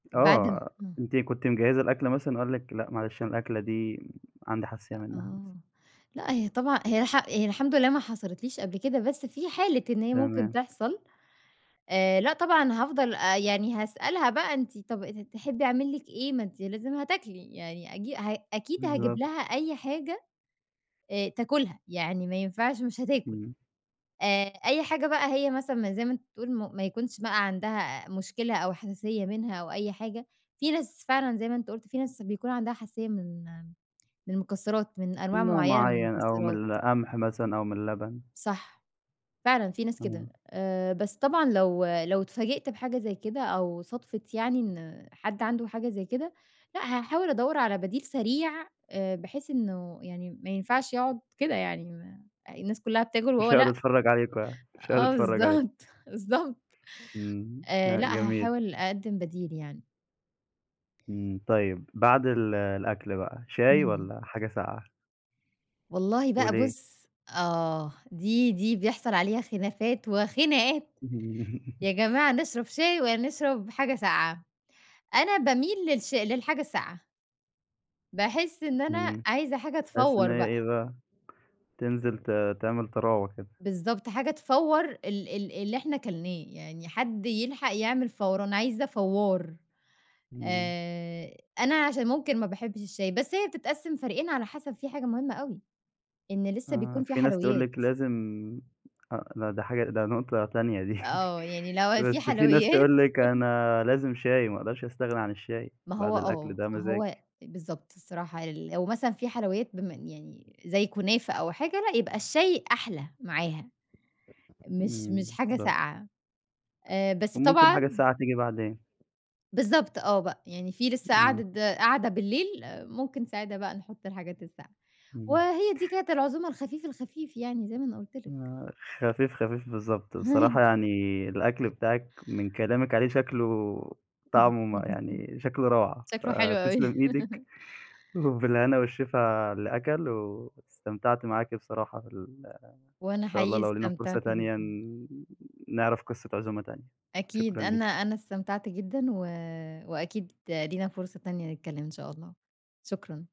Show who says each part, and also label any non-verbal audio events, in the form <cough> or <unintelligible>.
Speaker 1: بعد ان
Speaker 2: آه،
Speaker 1: امم.
Speaker 2: أنتِ كنتِ مجهزة الأكلة مثلًا، وقال لِك لأ معلش أنا الأكلة دي عندي حساسية
Speaker 1: أ
Speaker 2: منّها.
Speaker 1: آه، لأ هي طبعًا هي الح هي الحمد لله ما حصلِتليش قبل كده، بس في حالة إن هي ممكن
Speaker 2: تمام.
Speaker 1: تِحصل، آآ لأ طبعًا هافضل آآ يعني هاسألها بقى، أنتِ طَب ات تحبّي أعمل لِك إيه؟ ما أنتِ لازم هتاكلي، يعني أجي ه أكيد هاجيب
Speaker 2: بالضبط.
Speaker 1: لها أي حاجة آآ تأكلها، يعني ما ينفعش مش هتاكل،
Speaker 2: إمم.
Speaker 1: آآ أي حاجة بقى هي مثلًا م زي ما أنت بتقول م ما يكونش بقى عندها مشكلة أو حساسية منها أو أي حاجة، في ناس فعلًا زي ما أنت قُلت، في ناس بيكون عندها حساسية من من المكسرات من أنواع
Speaker 2: من نوع
Speaker 1: معيّنة من
Speaker 2: معيّن أو من
Speaker 1: المكسرات.
Speaker 2: القمح مثلًا أو من اللبن.
Speaker 1: صح، فعلًا في ناس كده،
Speaker 2: امم.
Speaker 1: آآ بس طبعًا لو لو اتفاجئت بحاجة زي كده، أو صادفِت يعني إن حد عنده حاجة زي كده، لأ، هاحاول أدوّر على بديل سريع آآ بحيث إنّه يعني ما ينفعش يقعد كده، يعني م الناس كلّها بتاكل وهو
Speaker 2: مش هَيقعد
Speaker 1: لأ؟
Speaker 2: يتفرج عليكم يعني، مش هَيقعد
Speaker 1: آه
Speaker 2: يتفرج عليكم.
Speaker 1: بالضبط، بالضبط.
Speaker 2: إمم،
Speaker 1: آآ
Speaker 2: لأ
Speaker 1: لأ
Speaker 2: جميل.
Speaker 1: هاحاول أقَدمِّ بديل يعني.
Speaker 2: إمم، طيّب. بعد ال الأكل بقى شاي
Speaker 1: امم.
Speaker 2: والّا حاجة ساقعة؟
Speaker 1: والله بقى
Speaker 2: وليه؟
Speaker 1: بُص آه، دي دي بيحصل عليها خلافات وخناقات،
Speaker 2: إمم.
Speaker 1: يا
Speaker 2: <chuckles>
Speaker 1: جماعة نشرّب شاي والّا نشرّب حاجة ساقعة؟ أنا باميل للش للحاجة الساقعة. باحس إن أنا
Speaker 2: إمم،
Speaker 1: عايزة حاجة
Speaker 2: تحسّي إن
Speaker 1: تفوّر
Speaker 2: هي
Speaker 1: بقى.
Speaker 2: إيه بقى، تنزل ت تعمل طراوه كده.
Speaker 1: بالضبط. حاجة تفوّر ال ال اللي إحنا كلناه، يعني حدّ يلحق يعمل فوَران، عايزة فوّار.
Speaker 2: إمم.
Speaker 1: آآ أنا عشان ممكن ما باحبش الشاي، بس هي بتتقسم فريقين على حسب في حاجة مهمّة أوي إن لسّه
Speaker 2: آه،
Speaker 1: بيكون فيها
Speaker 2: في ناس تقول
Speaker 1: حلويّات.
Speaker 2: لِك لازم أ لأ ده حاجة، ده نقطة تانية دي، <chuckles>
Speaker 1: آه يعني لو في
Speaker 2: بس في ناس
Speaker 1: حلويات
Speaker 2: تقول لِك
Speaker 1: <chuckles>
Speaker 2: أنا لازم شاي، ما أقدرش أستغنى عن الشاي،
Speaker 1: ما
Speaker 2: بعد
Speaker 1: هو
Speaker 2: الأكل
Speaker 1: آه
Speaker 2: ده
Speaker 1: ما
Speaker 2: مزاج.
Speaker 1: هو أ بالضبط الصراحة ل لو مثلًا في حلويّات بما إن يعني زي كنافة أو حاجة، لأ يبقى الشاي أحلى معاها. مش
Speaker 2: إمم،
Speaker 1: مش حاجة
Speaker 2: بالضبط.
Speaker 1: ساقعة آآ بس
Speaker 2: وممكن الحاجة
Speaker 1: طبعًا
Speaker 2: الساقعة تيجي بعدين.
Speaker 1: بالضبط آه بقى، يعني في لسّه
Speaker 2: آه.
Speaker 1: قعدة قعدة بالليل، ممكن ساعتها بقى نحط الحاجات الساقعة،
Speaker 2: إمم.
Speaker 1: وهي دي كانت العزومة الخفيف الخفيف يعني، زي ما انا قُلت لك.
Speaker 2: آه خفيف خفيف بالضبط، بصراحة
Speaker 1: <unintelligible>
Speaker 2: يعني الأكل بتاعِك من كلامِك عليه شكله طعمه م
Speaker 1: <chuckles>
Speaker 2: يعني شكله روعة،
Speaker 1: شكله حلو أوي.
Speaker 2: فتسلَم إيدِك
Speaker 1: <laughs>
Speaker 2: وبالهنا والشفا علي اللي أكل، واستمتعت معاكِ بصراحة في ال إن
Speaker 1: وأنا
Speaker 2: شاء الله
Speaker 1: حقيقي
Speaker 2: لو لينا فرصة
Speaker 1: استمتعت
Speaker 2: تانية
Speaker 1: جدًا.
Speaker 2: ن نعرف قصّة عزومة تانية
Speaker 1: أكيد
Speaker 2: شكرًا لِيكِ.
Speaker 1: أنا أنا استمتعت جدًا، و وأكيد لينا فرصة تانية نتكلّم إن شاء الله، شكرًا.